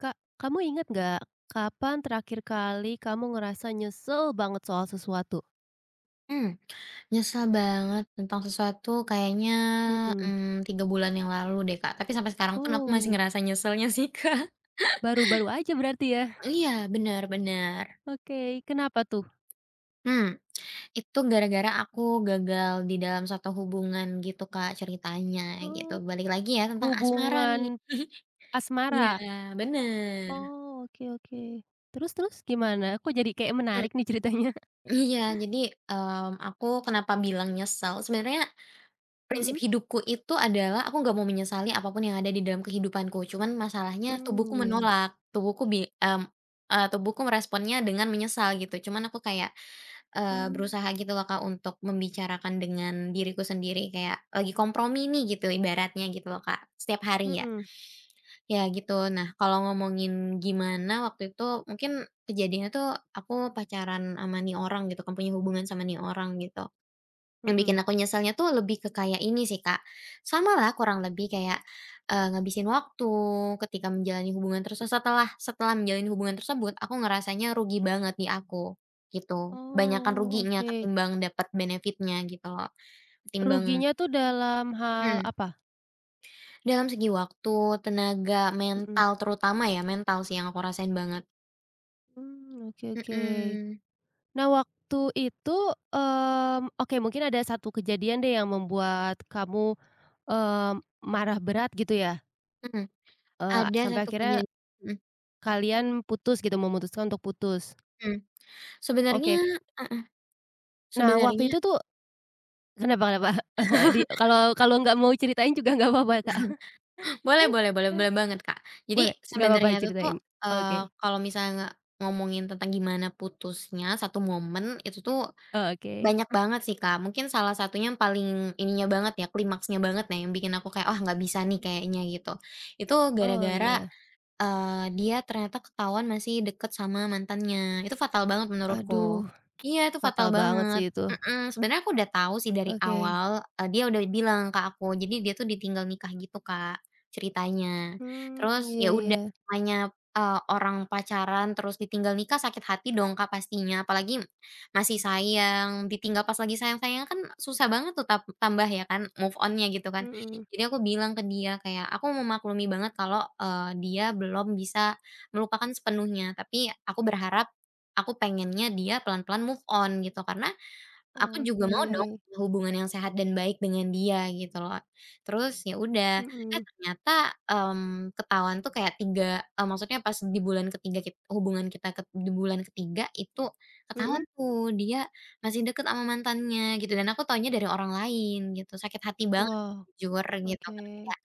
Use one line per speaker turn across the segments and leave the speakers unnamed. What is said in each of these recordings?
Kak, kamu inget nggak, kapan terakhir kali kamu ngerasa nyesel banget soal sesuatu?
Mmm, nyesel banget tentang sesuatu kayaknya,
Mhm.
mmm, 3 bulan yang lalu deh, Kak. Tapi sampai sekarang pun aku masih
Oh.
ngerasa nyeselnya sih, Kak.
Baru-baru aja berarti ya?
Iya, bener bener.
Oke, kenapa tuh?
Mmm, itu gara-gara aku gagal di dalam suatu hubungan gitu, Kak, ceritanya gitu.
Oh,
Balik lagi ya, tentang asmara nih.
hubungan
Iya,
asmara?
benar.
Oh, oke oke. Terus terus gimana? Aku jadi kayaknya
Mmm,
menarik nih ceritanya.
iya, jadi, mmm, aku kenapa bilang nyesel, sebenarnya prinsip
Mhm.
hidupku itu adalah aku nggak mau menyesali apapun yang ada di dalam kehidupanku, cuman masalahnya tubuhku
Mmm, ya.
menolak. Tubuhku bi m e tubuhku meresponnya dengan menyesal gitu. Cuman aku kayak, eee,
Mmm.
berusaha gitulah, Kak, untuk membicarakan dengan diriku sendiri. Kayak lagi kompromi nih gitu, ibaratnya gitu lho, Kak. Setiap hari ya,
Mhm.
ya gitu. Nah, kalau ngomongin gimana waktu itu, mungkin kejadiannya tuh aku pacaran ama ini orang gitu, kan punya hubungan sama ini orang gitu. Yang bikin
Mhm.
aku nyeselnya tuh lebih ke kayak ini sih, Kak, samalah kurang lebih kayak, eee, ngabisin waktu ketika menjalani hubungan tersesa setelah setelah menjalin hubungan tersebut aku ngerasanya rugi banget di aku, gitu. Banyakan
Oh,
ruginya
oke.
ketimbang dapat benefit-nya gitu lho. Ketimbang
Ruginya tuh dalam hal
Mmm.
apa?
Dalam segi waktu, tenaga,
Mhm.
mental terutama ya, mental sih yang aku rasain banget.
Mmm, oke oke.
Mhm.
Nah, waktu itu, mmm, oke, mungkin ada satu kejadian deh yang membuat kamu, eee, marah berat, gitu ya?
Mmm,
Eee, a
ada
sampai
1
akhirnya,
penyany mhm.
kalian putus gitu memutuskan untuk putus.
Mmm, sebenernya
Oke.
heeh,
Nah,
sebenernya
waktu itu tuh kenapa kenapa? Di
Itu
kalau
dia
kalau nggak mau ceritain juga nggak papa Kak.
Boleh boleh boleh boleh banget Kak. Jadi
Boleh? Nggak papa
sebenernya itu tu,
diceritain?
eee,
Oke.
kalau misalnya nge ngomongin tentang gimana putusnya satu momen itu tu
Eee, oke.
banyak banget sih, Kak. Mungkin salah satunya yang paling ininya banget ya, klimaksnya banget ya, nah yang bikin aku kayak, "Ah, nggak bisa nih kayaknya." Gitu. Itu
Oh,
gara-gara,
ya.
eee, dia ternyata ketahuan masih deket sama mantannya, itu fatal banget menurutku.
Aduh,
Iya itu fatal
fatal banget
banget,
sih itu.
mhm. Sebenernya aku udah tau sih dari
Oke.
awal e dia udah bilang ke aku, jadi dia tu ditinggal nikah gitu, Kak, ceritanya.
Mmm,
Terus
iya
ya
iya.
udah, namanya, eee, orang pacaran terus ditinggal nikah sakit hati dong, Kak, pastinya. Apalagi m masih sayang, ditinggal pas lagi sayang-sayangnya kan susah banget tap tambah ya kan, move on-nya gitu kan.
Mhm.
Jadi aku bilang ke dia kayak, "Aku memaklumi banget kalo, eee, dia belum bisa melupakan sepenuhnya, tapi aku berharap aku pengennya dia pelan-pelan move on." Gitu. Karena aku juga mau dong
Oke.
hubungan yang sehat dan baik dengan dia gitu lho. Terus ya udah, eh,
Mhm.
ternyata, mmm, ketahuan itu kayak 3 m maksudnya pas di bulan ke-3 kit hubungan kita ket di bulan ke-3 itu ketahuan
Mhm.
tuh, dia masih dekat ama mantannya gitu. Dan aku tahunya dari orang lain gitu. Sakit hati banget
Wow,
jujur gitu, kan
oke.
kayak,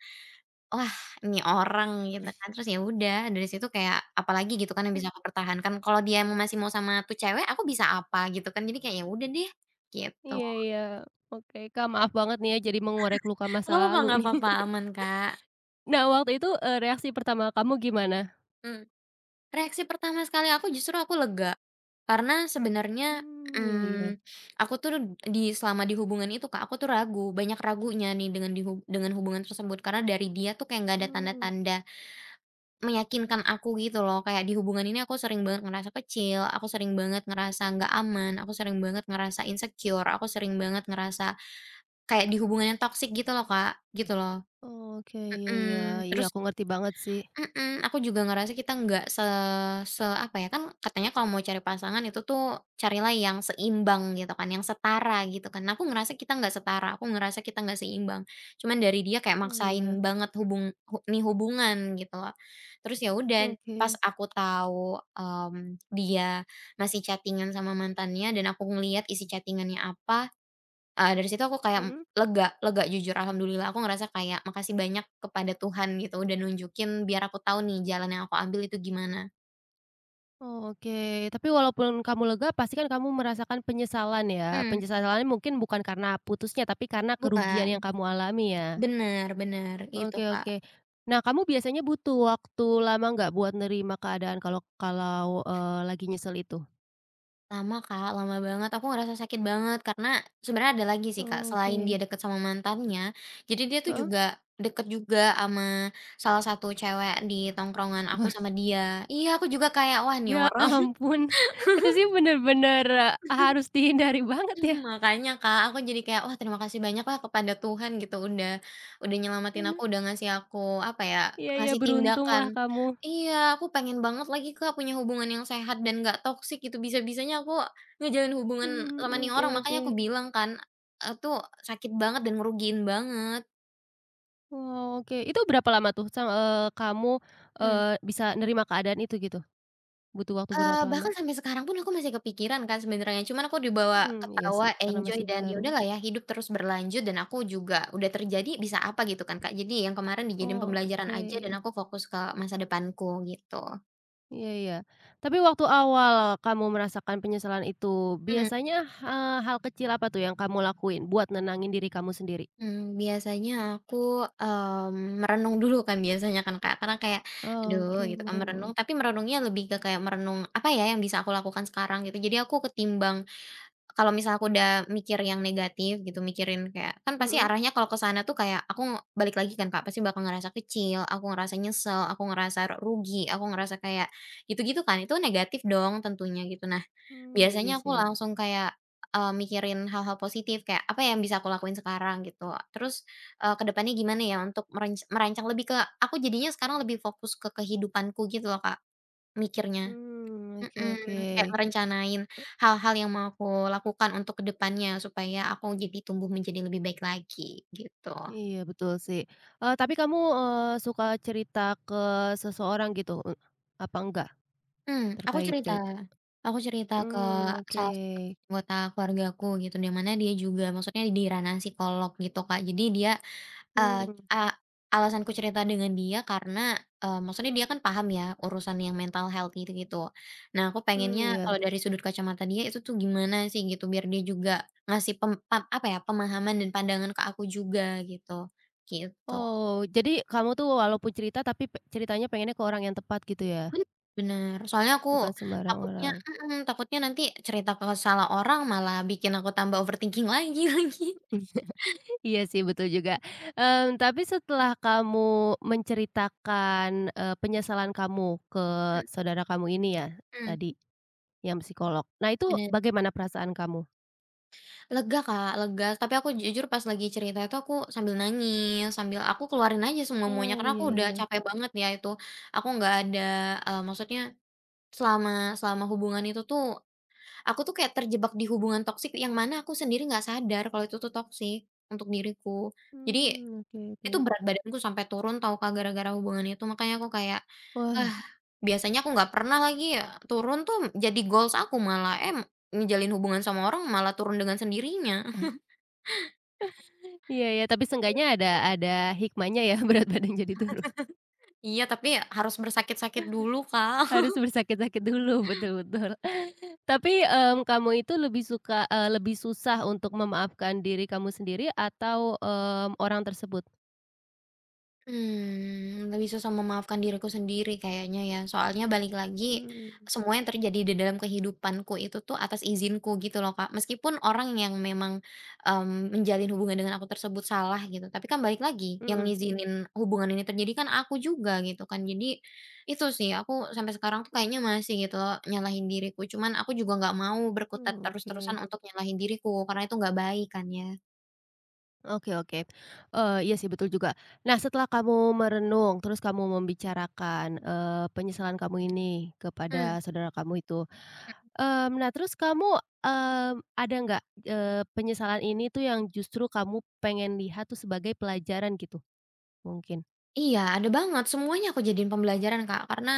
"Wah, ini orang." Gitu kan, terus ya udah, dari situ kayak apalagi gitu kan yang
He
bisa aku pertahankan, kalau dia mau masih mau sama itu cewek, aku bisa apa gitu kan? Jadi kayak, ya udah deh, gitu.
Iya iya, oke. Kak, maaf banget nih ya, jadi mengorek luka masa
Nggak papa
lalu
nggak
nih.
papa aman, Kak.
Nah, waktu itu, eee, reaksi pertama kamu gimana?
Mmm, reaksi pertama sekali aku justru aku lega. Karena sebenernya,
Mmm, iya iya.
mmm, aku tuh d di selama di hubungan itu, Kak, aku tuh ragu. Banyak ragunya nih dengan dihub dengan hubungan tersebut, karena dari dia tuh kayak nggak ada
Mmm.
tanda-tanda meyakinkan aku gitu loh. Kayak di hubungan ini aku sering banget ngerasa kecil, aku sering banget ngerasa nggak aman, aku sering banget ngerasa insecure, aku sering banget ngerasa kayak di hubungan yang toksik gitu loh, Kak. Gitu loh.
Oke, iya iya,
Mhm.
iya
Terus
aku ngerti banget sih.
mhm, aku juga ngerasa kita nggak se se apa ya, kan katanya kalau mau cari pasangan itu tu, carilah yang seimbang gitu kan, yang setara gitu kan. Nah aku ngerasa kita nggak setara, aku ngerasa kita nggak seimbang. Cuman dari dia kayak
Oh,
maksain
iya.
banget hubung hu nih hubungan gitu loh. Terus ya udah, pas
Oke.
aku tahu, mmm, dia masih chatting-an sama mantannya dan aku ngelihat isi chatting-annya apa, e e dari situ aku kayak m
Mhm.
lega lega, jujur alhamdulillah aku ngerasa kayak makasih banyak kepada Tuhan gitu, udah nunjukin biar aku tau nih, jalan yang aku ambil itu gimana.
Oh, oke. Tapi walaupun kamu lega, pasti kan kamu merasakan penyesalan ya,
Mhm.
penyesalannya mungkin bukan karena putusnya, tapi karena
Bukan,
kerugian yang kamu alami ya?
bener, bener gitu,
Oke
Kak.
oke. Nah, kamu biasanya butuh waktu lama nggak, buat nerima keadaan kalau kalau, eee, lagi nyesel itu?
Lama, Kak, lama banget. Aku ngerasa sakit banget, karena sebenernya ada lagi sih, Kak,
Oh,
selain dia
oke.
deket sama mantannya. Jadi dia tuh
Heeh.
juga deket juga ama salah satu cewek di tongkrongan aku
Wah.
sama dia. Iya, aku juga kayak, "Wah, ini
Ya
orang."
ampun! Itu sih bener-bener harus e dihindari banget ya.
Makanya, Kak, aku jadi kayak, "Wah, terima kasih banyaklah kepada Tuhan gitu, udah udah nyelamatin
Bener.
aku, udah ngasih aku apa ya,
Iya iya,
ngasih tindakan"
beruntunglah kamu.
iya, aku pengen banget lagi, Kak, punya hubungan yang sehat dan nggak toksik gitu, bisa-bisanya aku ngejalin hubungan
Mmm,
sama ini
oke
orang, makanya aku
oke.
bilang kan, a a tu sakit banget dan ngerugiin banget.
Oke. Itu berapa lama tuh sang eee, kamu,
Mhm.
eee, bisa nerima keadaan itu gitu? Butuh waktu
Eee,
berapa
bahkan
lama?
sampai sekarang pun aku masih kepikiran, Kak, sebenernya. Cuman aku dibawa
Mmm, iya
ketawa,
sih, karena masih
enjoy, dan ya
baru.
udahlah ya hidup terus berlanjut, dan aku juga udah terjadi, bisa apa gitu kan, Kak. Jadi yang kemaren dijadiin
Oh,
pembelajaran aja dan
oke.
aku fokus ke masa depanku gitu.
Iya iya, tapi waktu awal kamu merasakan penyesalan itu,
Mhm.
biasanya, eee, hal kecil apa tuh yang kamu lakuin buat nenangin diri kamu sendiri?
Mmm, biasanya aku, mmm, merenung dulu kan biasanya kan, Kak. Karena kayak aduh
Oke,
gitu kan, merenung,
merenung.
tapi merenungnya lebih ke kayak merenung apa ya, yang bisa aku lakukan sekarang gitu. Jadi aku ketimbang, kalau misal aku udah mikir yang negatif gitu, mikirin kayak, kan pasti
Mhm.
arahnya kalau ke sana tuh kayak aku balik lagi kan, Kak. pasti bakal ngerasa kecil, aku ngerasa nyesel, aku ngerasa rugi, aku ngerasa kayak gitu gitu kan. Itu kan negatif dong tentunya gitu. Nah,
Mmm,
biasanya
iya
aku
sih.
langsung kayak e mikirin hal-hal positif, kayak apa ya, yang bisa aku lakuin sekarang? Gitu. Terus, e ke depannya gimana ya, untuk merenc merancang lebih ke, aku jadinya sekarang lebih fokus ke kehidupanku gitu lho, Kak, mikirnya.
Mmm, oke oke.
Mhm, kayak
E
merencanain hal-hal yang mau aku lakukan untuk ke depannya, supaya aku jadi tumbuh menjadi lebih baik lagi gitu.
Iya betul sih, eee, tapi kamu, eee, suka cerita ke seseorang gitu u apa enggak?
Mmm, aku
Terkait
cerita.
cerita
Aku cerita ke
mmm, oke.
salah satu anggota keluargaku gitu. Di mana dia juga maksudnya di ranah psikolog gitu, Kak, jadi dia, eee,
Mmm.
a alasanku cerita dengan dia karena e maksudnya dia kan paham ya, urusan yang mental health gitu gitu. Nah, aku
Mmm,
pengennya
iya.
kalau dari sudut kacamata dia itu tuh gimana sih gitu, biar dia juga ngasih pem pa apa ya, pemahaman dan pandangan ke aku juga gitu, gitu.
Oh, jadi kamu tuh walaupun cerita tapi p ceritanya pengennya ke orang yang tepat gitu ya?
Hmm, bener. Soalnya aku
Bukan sembarang
takutnya
orang.
mhm, takutnya nanti cerita ke salah orang, malah bikin aku tambah overthinking lagi, lagi.
Iya, iya sih, betul juga. Eee tapi setelah kamu menceritakan, eee, penyesalan kamu ke
Mhm.
saudara kamu ini ya
Mmm.
tadi yang psikolog. Nah, itu
Bener.
bagaimana perasaan kamu?
Lega, Kak, lega. Tapi aku jujur pas lagi cerita, itu aku sambil nangis, sambil aku keluarin aja semua-muanya,
Oh,
karena
iya
aku udah
iya.
capek banget nih ya itu. Aku nggak ada e maksudnya selama selama hubungan itu tuh, aku tuh kayak terjebak di hubungan toksik yang mana aku sendiri gak sadar kalo itu tu toksik untuk diriku. Jadi,
Mmm, oke
itu
oke.
berat badanku sampai turun tau, Kak, gara-gara hubungan itu. Makanya aku kayak eh,
Wah.
biasanya aku nggak pernah lagi ya, turun tuh jadi goals aku malah. Eh, m ngejalin hubungan sama orang, malah turun dengan sendirinya.
Iya iya, tapi seenggaknya ada
Gitu.
ada hikmahnya ya, berat badan jadi turun.
Iya, tapi e harus bersakit-sakit dulu, Kak.
Harus bersakit-sakit dulu, betul betul. Tapi, mmm, kamu itu lebih suka, eee, lebih susah untuk memaafkan diri kamu sendiri atau mmm, orang tersebut?
Mmm, lebih susah memaafkan diriku sendiri kayaknya ya. Soalnya balik lagi,
Mmm.
semuanya terjadi di dalam kehidupanku itu tu atas izinku gitu loh, Kak. Meskipun orang yang memang, mmm, menjalin hubungan dengan aku tersebut salah gitu, tapi kan balik lagi, yang
Mhm.
ngizinin hubungan ini terjadi kan aku juga gitu kan. Jadi itu sih, aku sampai sekarang tuh kayaknya masih gitu lho, nyalahin diriku. Cuman aku juga nggak mau berkutat
Mmm,
terus-terusan
oke.
untuk nyalahin diriku, karena itu nggak baik kan ya.
Oke oke, eee, iya sih betul juga. Nah setelah kamu merenung terus kamu membicarakan, eee, penyesalan kamu ini
Mmm.
kepada saudara kamu itu,
Mmm.
mmm, nah terus kamu, eee, ada nggak, eee, penyesalan ini tuh yang justru kamu pengen lihat tuh sebagai pelajaran gitu, mungkin?
Iya ada banget semuanya aku jadiin pembelajaran, Kak, karena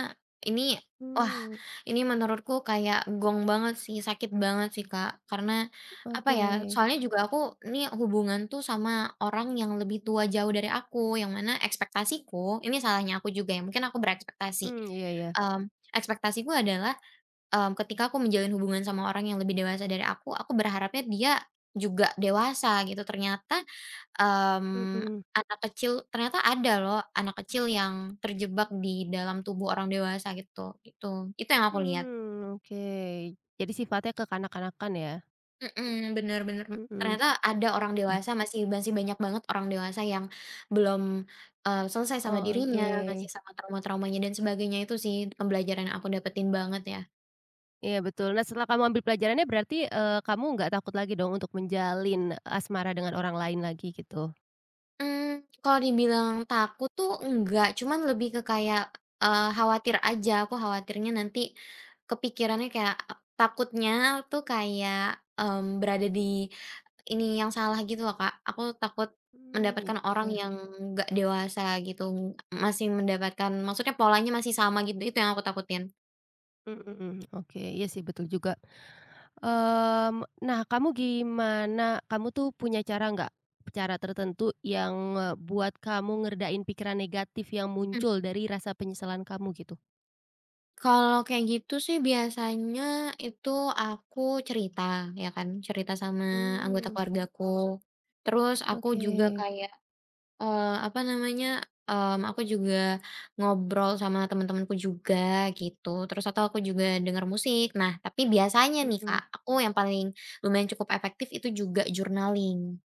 ini wah
Mmm.
ini menurutku kayak gong banget sih, sakit banget sih, Kak. Karena apa ya,
Oke.
soalnya juga aku ni hubungan tuh sama orang yang lebih tua jauh dari aku, yang mana ekspektasiku ini salahnya aku juga ya, mungkin aku berekspektasi.
Mmm, iya ya.
Mmm, ekspektasiku adalah, mmm, ketika aku menjalin hubungan sama orang yang lebih dewasa dari aku, aku berharapnya dia juga dewasa gitu, ternyata, mmm,
Mhm.
anak kecil ternyata ada loh anak kecil yang terjebak di dalam tubuh orang dewasa gitu. Itu Itu yang aku lihat.
Mmm, oke, jadi sifatnya kekanak-kanakan ya?
Mmm, benar benar, m
Mhm,
ternyata ada orang
ah.
dewasa masih masih banyak banget orang dewasa yang belum, eee, selesai sama dirinya, masih
Oke.
sama trauma-traumanya dan sebagainya itu sih pembelajaran yang aku dapetin banget ya.
Iya betul, nah setelah kamu ambil pelajarannya berarti, eee, kamu nggak takut lagi dong untuk menjalin asmara dengan orang lain lagi gitu.
Mmm, kalau dibilang takut tuh enggak cuma lebih ke kayak, eee, khawatir aja. Aku khawatirnya nanti kepikirannya kayak takutnya tuh kayak, mmm, berada di ini yang salah gitu loh, Kak, aku takut
Mmm,
mendapatkan
iya
orang
iya.
yang nggak dewasa gitu, m masih mendapatkan maksudnya polanya masih sama git itu yang aku takutin.
Mmm, mhm, oke iya sih betul juga. Mmm, nah kamu gimana? Kamu tuh punya cara nggak? Cara tertentu yang ngebuat kamu ngeredain pikiran negatif yang
M
muncul dari rasa penyesalan kamu gitu.
Kalau kayak gitu sih biasanya itu aku cerita ya kan, cerita sama anggota
Mmm.
keluargaku. Terus aku juga
Oke.
kayak, eee, apa namanya, mmm, aku juga ngobrol sama temen-temenku juga gitu. Terus atau aku juga denger musik, nah tapi biasanya nih, Kak,
Mhm.
aku yang paling lumayan cukup efektif itu juga journaling.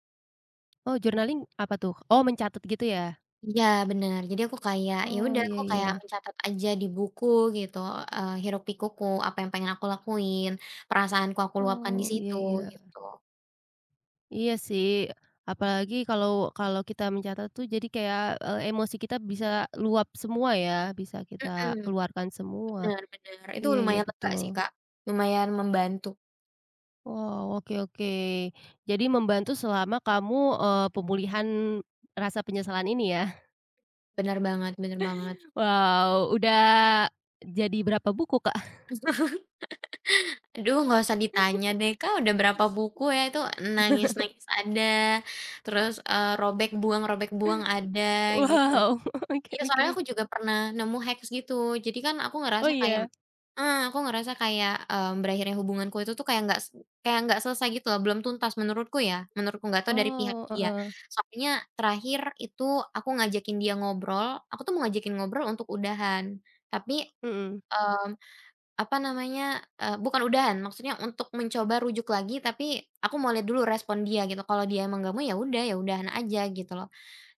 Oh, journaling apa tuh? Oh, mencatat gitu ya?
Iya bener, jadi aku kayak ya
Oh,
udah,
iya
aku kayak
iya.
mencatat aja di buku gitu, eee, hiruk-pikukku apa yang pengen aku lakuin, perasaanku aku luapkan
Oh, iya
disitu,
iya.
gitu.
Iya sih. Apalagi kalau kalau kita mencatat tuh jadi kayak e emosi kita bisa luap semua ya, bisa kita
Mhm.
keluarkan semua.
Bener bener, itu
Iya iya
lumayan lega sih,
betul.
Kak. Lumayan membantu.
Wow, oke oke. Jadi membantu selama kamu, eee, pemulihan rasa penyesalan ini ya.
Benar banget benar banget.
Wow, udah jadi berapa buku, Kak?
Aduh nggak usah
[unintelligible]
ditanya deh, Kak, udah berapa buku ya? Itu nangis-nangis ada, terus, eee, robek buang robek buang ada gitu.
Wow, oke
Iya soalnya
oke.
aku juga pernah nemu hacks gitu, jadi kan aku
Oh
ngerasa kayak
iya!
heeh, aku ngerasa kayak, mmm, berakhirnya hubunganku itu tu kayak nggak st kayak nggak selesai gitu loh, belum tuntas menurutku ya, menurutku, nggak tahu dari pihak
Oh,
dia.
heeh.
Soalnya terakhir itu aku ngajakin dia ngobrol, aku tuh mau ngajakin ngobrol untuk udahan. Tapi,
Mhm.
mmm, apa namanya, eee, bukan udahan, maksudnya untuk mencoba rujuk lagi tapi aku mau lihat dulu respon dia gitu, kalau dia emang nggak mau ya udah, ya udahan aja gitu loh.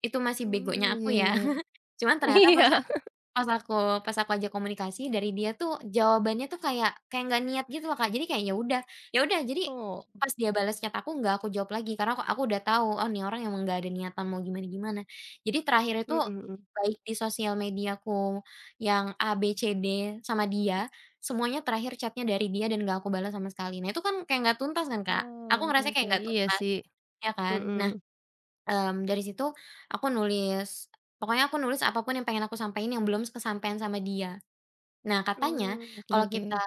Itu masih
Mmm,
begonya aku
iya
ya.
iya.
Cuman ternyata
Iya.
pas aku pas aku pas aku ajak komunikasi dari dia tuh jawabannya tuh kayak kayak nggak niat gitu loh, Kak, jadi kayak ya udah. Ya udah, jadi
Oh.
pas dia balas chat aku nggak aku jawab lagi karena ak aku sudah tau, "Oh, ni orang emang nggak ada niatan mau gimana-gimana." Jadi terakhir itu
Mhm, hmm.
baik di sosial mediaku yang A-B-C-D sama dia, semuanya terakhir chat-nya dari dia dan nggak aku balas sama sekali, nah itu kan kayak nggak tuntas kan, Kak? Aku
Oke
ngerasanya
oke,
kayak nggak
iya
tuntas.
sih,
Ya kan? Nah,
mhm.
mmm dari situ aku nulis, pokoknya aku nulis apa pun yang pengen aku sampein yang belum s kesampaian sama dia. Nah katanya
Mmm, oke
kalau kita,
oke.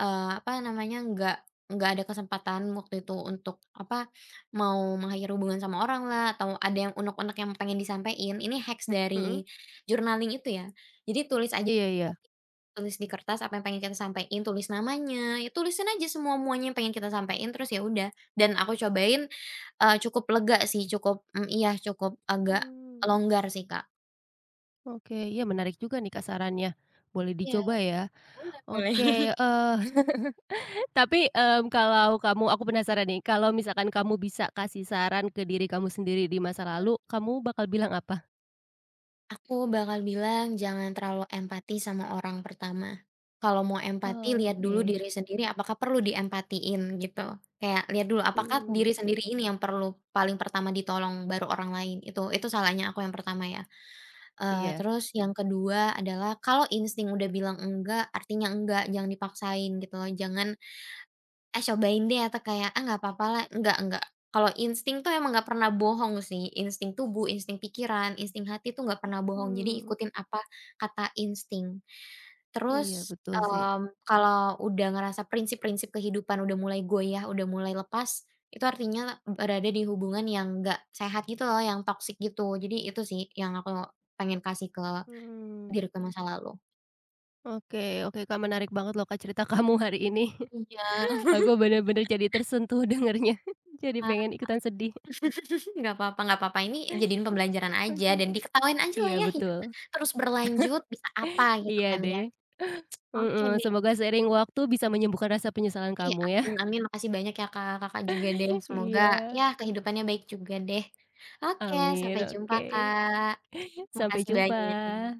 eee, apa namanya, nggak nggak ada kesempatan waktu itu untuk apa mau mengakhiri hubungan sama oranglah atau ada yang uneg-uneg yang pengen disampein, ini hacks
Mmm?
dari journaling itu ya. Jadi tulis aja
Iya iya.
[unintelligible] tulis di kertas apa yang pengen kita sampein, tulis namanya, ya tulisin aja semua-muanya yang pengen kita sampein, terus ya udah. Dan aku cobain, eee, cukup lega sih, cukup mmm, iya cukup agak
Mmm.
longgar sih, Kak.
Oke, ya menarik juga nih, Kak, sarannya, boleh
Iya,
dicoba ya?
boleh boleh.
Oke, eee, tapi, mmm, kalau kamu aku penasaran nih kalau misalkan kamu bisa kasih saran ke diri kamu sendiri di masa
E
lalu, kamu bakal bilang apa?
Aku bakal bilang jangan terlalu empati sama orang pertama, kalau mau empati
Oh,
lihat dulu
oke.
diri sendiri apakah perlu diempatiin gitu, kayak lihat dulu apakah diri
Mmm.
sendiri ini yang perlu paling pertama ditolong baru orang lain itu itu salahnya aku yang pertama ya, eee,
Iya.
terus yang ke-2, adalah kalau insting udah bilang enggak artinya enggak jangan dipaksain, gitu loh jangan, "Eh, cobain deh." Atau kayak, "Ah, nggak papa lah." Enggak nggak, kalau insting itu emang nggak pernah bohong sih, insting tubuh, insting pikiran, insting hati itu nggak pernah bohong, jadi
Mhm.
ikutin apa kata insting.
Iya,
Terus,
betul sih.
mmm, kalau udah ngerasa prinsip-prinsip kehidupan udah mulai goyah, udah mulai lepas, itu artinya berada di hubungan yang nggak sehat gitu loh yang toxic gitu, jadi itu sih yang aku pengen kasih ke
Mmm.
diriku masa lalu.
Oke oke, Kak menarik banget loh Kak cerita kamu hari ini
Iya.
aku benar-benar jadi tersentuh dengarnya jadi
Ah,
pengen ikutan sedih.
nggak papa nggak papa, ini jadiin pembelajaran aja
Oke,
dan diketawain aja
iya
lah, ya, hidup
betul,
terus berlanjut, bisa apa gitu
iya
kan
deh,
ya, oke
mhm,
deh.
semoga seiring waktu bisa menyembuhkan rasa penyesalan
Iya,
kamu
amin
ya.
amin, makasih banyak ya Kak, Kakak juga deh, semoga ya
Iya.
kehidupannya baik juga deh. Oke, sampai
Amin,
jumpa
oke,
Kak,
sampai
makasih
jumpa.
banyak.